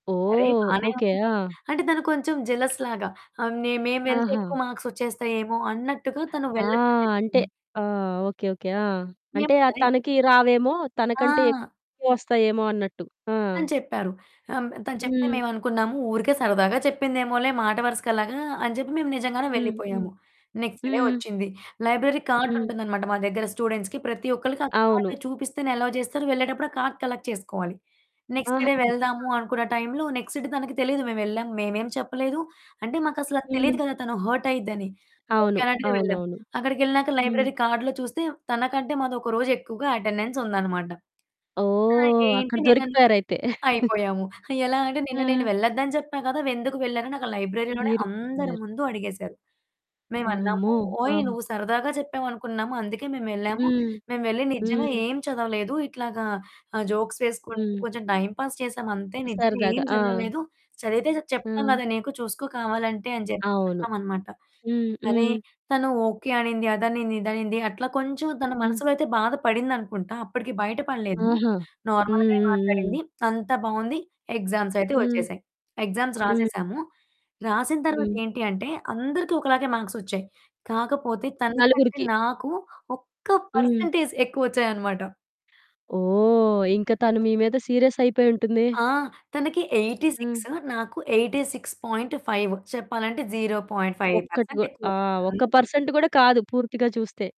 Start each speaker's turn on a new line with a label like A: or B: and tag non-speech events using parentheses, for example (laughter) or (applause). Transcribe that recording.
A: అరేయ్,
B: ఓహ్!
A: బానే
B: ఓకే.
A: ఉంది.
B: ఆ!
A: అంటే, తను కొంచెం జెలస్‌లాగా. ఆహ్, నే మేము వెళ్తే
B: ఆహా!
A: ఎక్కువ మార్క్సొచ్చేస్తాయేమో అన్నట్టుగా తను
B: ఆ!
A: వెళ్ళొద్దని
B: అంటే
A: జెప్పింది.
B: ఆ! ఓకే. ఓకే. ఆ! అంటే
A: మేము
B: ఆహ్
A: సరే
B: తనకీ రావేమో, తనకంటే
A: ఆ!
B: ఎక్కువొస్తాయేమో అన్నట్టు. ఆ!
A: అని చెప్పారు. ఆహ్, హ్మ్, తను చెప్తే
B: హ్మ్.
A: మేవనుకున్నాము ఊరికే సరదాగా చెప్పిందేమోలే మాట వరసకలాగా అని జెప్పి మేము నిజంగానే
B: హ్మ్. హ్మ్.
A: వెళ్ళిపోయాము. నెక్స్ట్ డే
B: హ్మ్.
A: ఒచ్చింది. లైబ్రరీ
B: హ్మ్.
A: కార్డుంటుందనమాట మా దగ్గర స్టూడెంట్స్‌కి ప్రతి ఒక్కళ్ళకి, ఆ కార్డ్
B: అవును.
A: చూపిస్తేనే ఎలోవ్ జేస్తారు. వెళ్ళేటప్పుడు ఆ కార్డ్ కలెక్ట్ చేసుకోవాలి. నెక్స్ట్
B: ఆహా!
A: డే వెళ్దాము
B: (unintelligible)
A: అనుకున్న టైంలో నెక్స్ట్ డే తనకు తెలీదు మేవెళ్ళాం. మేమేం చెప్పలేదు, అంటే, మాకసలది తెలీదు
B: హ్మ్.
A: కదా తను హర్టయ్యిద్దని. ఓకే
B: అవును.
A: అన్నట్టుగా వెళ్ళాం.
B: అవునవును.
A: అక్కడికెళ్ళినాక
B: హ్మ్.
A: లైబ్రరీ కార్డ్‌లో చూస్తే, తనకంటే మాదొక రోజెక్కువుగా అటెండెన్సుందనమాట. "ఆ!
B: ఓహ్! అక్కడ
A: ఏంటి నిన్ననువు"
B: దొరికిపోయారయితే. (chuckles)
A: అయిపోయాము. ఎలా అంటే, "నిన్న నేను
B: ఆ!
A: వెళ్ళద్దని జెప్పా గదా! వెందుకు వెళ్ళారని," అక్కడ లైబ్రరీలోనే
B: మీరు
A: అందరి
B: ఉన్నారు.
A: ముందు అడిగేశారు. మేవన్నామూ,
B: అమ్మో!
A: "ఓయ్
B: ఆ!
A: నువ్వు సరదాగా చెప్పావనుకున్నాము, అందుకే మేమెళ్ళాము,
B: హ్మ్.
A: మేము వెళ్లి నిజంగా
B: హ్మ్.
A: ఏం చదవలేదు, ఇట్లాగా ఆహ్, జోక్స్ వేసుకుంటూ,
B: హ్మ్.
A: కొంచెం టైమ్ పాస్ చేశామంతే, నిజంగా ఏం
B: సరదాగా. ఆ!
A: జదవలేదు, చదివితే జ చెప్తాం
B: ఆ!
A: గదా నీకు చూసుకో కావాలంటే" అని జేప్పి
B: అవును.
A: చెప్పామనమాట.
B: హ్మ్.
A: సరే,
B: హ్మ్.
A: తను ఓకే అనింది అదనింది ఇదనింది, అట్లా కొంచుం తన
B: హ్మ్.
A: మనసులో అయితే బాధ పడిందనుకుంటా. అప్పడికి బయట పడలేదు,
B: ఆహా! హ్మ్.
A: నార్మల్‌గానే
B: హ్మ్.
A: మాట్లాడింది.
B: హ్మ్.
A: అంతా బావుంది. ఎగ్జామ్సయితే
B: హ్మ్.
A: ఒచ్చేశాయి. ఎగ్జామ్స్
B: హ్మ్.
A: రాసేశాము. రాసిన తర్వాత
B: హ్మ్.
A: ఏంటి అంటే, అందరికి ఒకలాగే మార్క్సొచ్చాయి. కాకపోతే, తనకంటే
B: నలుగురికి.
A: నాకు ఒక్క
B: హ్మ్.
A: పర్సంటేజ్ ఎక్కువొచ్చాయనమాట.
B: ఓహ్! ఇంక తను మీ మీద సీరియస్సయిపోయుంటుందే.
A: ఆ! తనకి ఎయిటీ
B: హ్మ్.
A: సిక్స్, నాకు 86.5. చెప్పాలంటే. 0.5
B: ఒక్కటి గు
A: పర్సెంట్ ఎక్కువొచ్చింది.
B: ఆహ్, ఒక్క
A: ఆళ్ళది
B: పర్సంట్ గూడా కాదు పూర్తిగా చూస్తే.